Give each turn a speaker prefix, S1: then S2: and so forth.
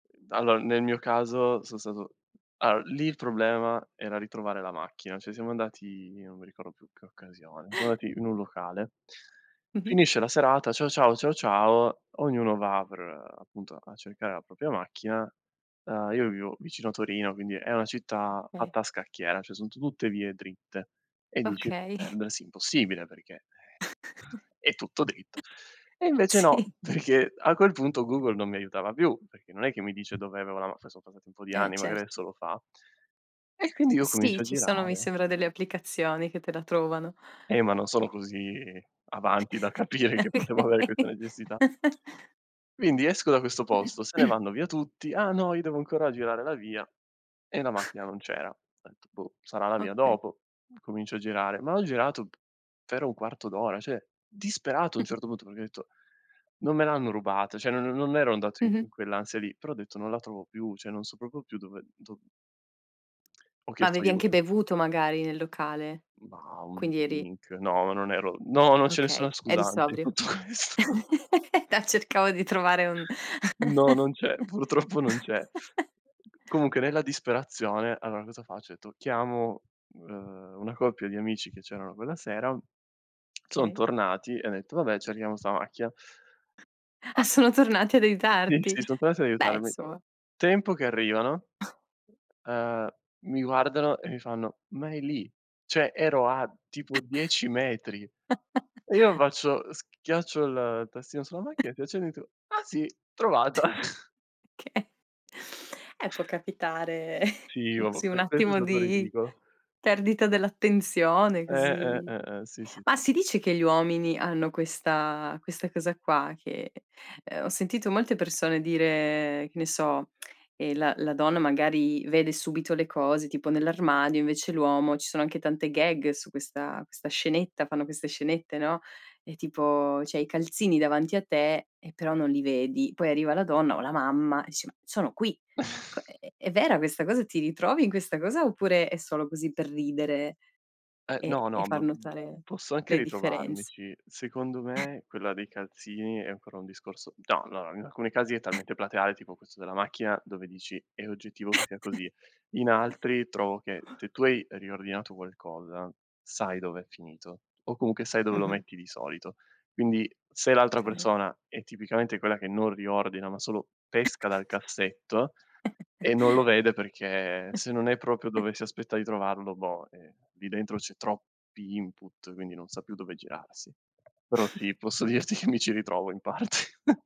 S1: Allora, nel mio caso sono stato allora, lì il problema era ritrovare la macchina, cioè siamo andati non mi ricordo più in che occasione, siamo andati in un locale.
S2: Mh-mh.
S1: Finisce la serata, ciao ciao, ciao ciao, ognuno va per appunto a cercare la propria macchina. Uhm, io vivo vicino a Torino, quindi è una città
S2: Okay.
S1: fatta a scacchiera, cioè son tutte vie dritte e dici:
S2: Okay.
S1: "Perdersi è impossibile perché è tutto dritto." E invece no,
S2: Sì.
S1: perché a quel punto Google non mi aiutava più, perché non è che mi dice dove avevo la ma, sono è passato un po' di
S2: Eh
S1: anni, magari
S2: certo.
S1: adesso lo fa. E quindi io
S2: Sì,
S1: comincio a
S2: ci sono, mi
S1: girare.
S2: sembra, delle applicazioni che te la trovano.
S1: Eh ma non sono così avanti da capire che potevo avere questa
S2: Okay.
S1: necessità. Quindi esco da questo posto, se ne vanno via tutti: "Ah no, io devo ancora girare la via e la macchina non c'era. Ho detto boh, sarà la via
S2: Okay.
S1: dopo." Comincio a girare, ma ho girato p per un quarto d'ora, cioè disperato a un certo punto, perché ho detto: "Non me l'hanno rubata." Cioè non non ero andato in
S2: Mh-mh.
S1: in quell'ansia lì, però ho detto: "Non la trovo più, cioè non so proprio più dove do" Ho
S2: Ma
S1: chiesto
S2: avevi anche
S1: aiuto.
S2: bevuto magari nel locale.
S1: Ma un
S2: Quindi eri
S1: drink, no, non ero no, non c'è
S2: Okay,
S1: nessuna
S2: eri
S1: scusante in
S2: sobrio.
S1: tutto questo.
S2: No cercavo di trovare un
S1: No, non c'è, purtroppo non c'è. Comunque nella disperazione allora cosa faccio? Ho detto chiamo, uhm, una coppia di amici che c'erano quella sera, son
S2: Okay.
S1: tornati e han detto: "Vabbè cerchiamo sta macchia."
S2: Ah
S1: A
S2: sono tornati ad
S1: sì,
S2: aiutarti.
S1: sì, son tornati ad
S2: Beh,
S1: aiutarmi.
S2: insomma.
S1: Tempo che arrivano, uhm, mi guardano e mi fanno: "Ma è lì." Cioè, ero a tipo 10 metri. E io faccio schiaccio il tastino sulla macchina, schiaccio il dito: "Ah sì, trovato."
S2: Okay. Eh può capitare
S1: Sì oh,
S2: così un
S1: que questo è
S2: attimo
S1: stato
S2: di
S1: ridicolo.
S2: perdita dell'attenzione,
S1: Eh, eh,
S2: così.
S1: eh, eh, sì, sì,
S2: Ma
S1: eh.
S2: si dice che gli uomini hanno questa questa cosa qua che ho sentito molte persone dire, che ne so, ehm la la donna magari vede subito le cose tipo nell'armadio, invece l'uomo, ci sono anche tante gag su questa questa scenetta, fanno queste scenette, no. Ehm tipo, cioè i calzini davanti a te e però non li vedi. Poi arriva la donna o la mamma e dice: "Ma sono qui." Co è è è vera questa cosa? Ti ritrovi in questa cosa oppure è solo così per ridere
S1: Eh
S2: e
S1: no,
S2: e
S1: no ma,
S2: far notare
S1: posso anche
S2: le differenz
S1: ritrovarmici. Secondo me quella dei calzini è ancora un discorso no, no allora, in alcuni casi è talmente plateale tipo questo della macchina dove dici è oggettivo che sia così. In altri trovo che se tu hai riordinato qualcosa sai dov'è finito o comunque sai dove lo
S2: Mh-mh.
S1: metti di solito. Quindi se l'altra
S2: Okay.
S1: persona è tipicamente quella che non riordina, ma solo pesca dal cassetto e non lo vede perché se non è proprio dove si aspetta di trovarlo, boh, eh, lì dentro c'è troppi input, quindi non sa più dove girarsi. Però sì, posso dirti
S2: Okay.
S1: che mi ci ritrovo in parte.